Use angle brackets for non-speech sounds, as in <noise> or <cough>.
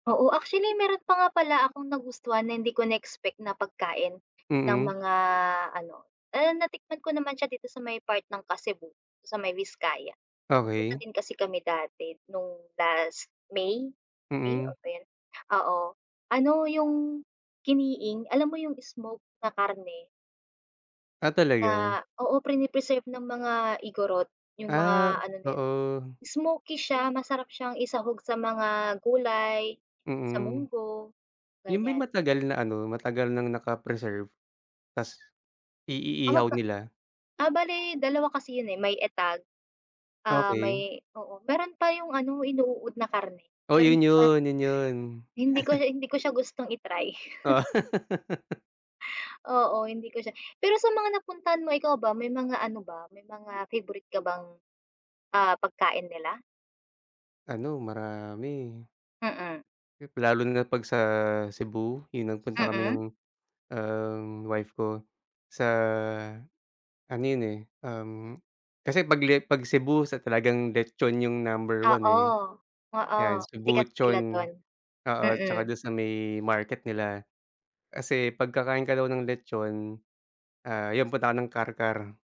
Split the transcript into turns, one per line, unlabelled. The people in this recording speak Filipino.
Oo, actually meron pa nga pala akong nagustuhan na hindi ko na-expect na pagkain ng
Mm.
mga ano, and natikman ko naman siya dito sa may part ng Kasibu sa may Viscaya. Nagpunta
Okey.
din kasi kami dati no'ng last May, May,
Mm.
oh, ba yun, oo, ano yung Kiniing alam mo yung smoked na karne.
Ah, talaga?
Na, oo, prine-preserve ng mga Igorot, yung mga
Ah,
ano na yun,
oo.
smokey siya masarap siyang isahog sa mga gulay, sa
Mm,
munggo,
yun ba
ganiyan.
yung matagal na ano, matagal nang naka-preserve tas
Tama
i-iihaw
ka.
nila?
Ah, bale dalawa kasi yun, eh, may Etag, ah,
Okey.
may, oo, meron pa yung ano inuuod na karne,
Oh,
pero
'yun
hindi ko pa.
'yun, 'yun 'yun.
Hindi ko
<chuckles>
siya hindi ko siya gustong i-try.
Oh.
<chuckles>
<laughs>
Oo, hindi ko siya pero sa mga napuntahan mo, ikaw ba, may mga ano ba may mga favorite ka bang, ah, pagkain nila?
Ano marami.
Mm.
Lalo na pag sa Cebu, yung nagpunta kami ng,
Mm.
um, wife ko sa ano yun, eh, um, kasi pag le pag Cebu sa talagang letchon yung number one,
Oo,
eh.
oo.
'Yan
Sikat sila
Cebuchon,
dun,
oo, tsaka
mm.
dun sa may market nila. Kasi 'pag kakain ka daw ng Letchon, ah, yun punta ka ng Carcar.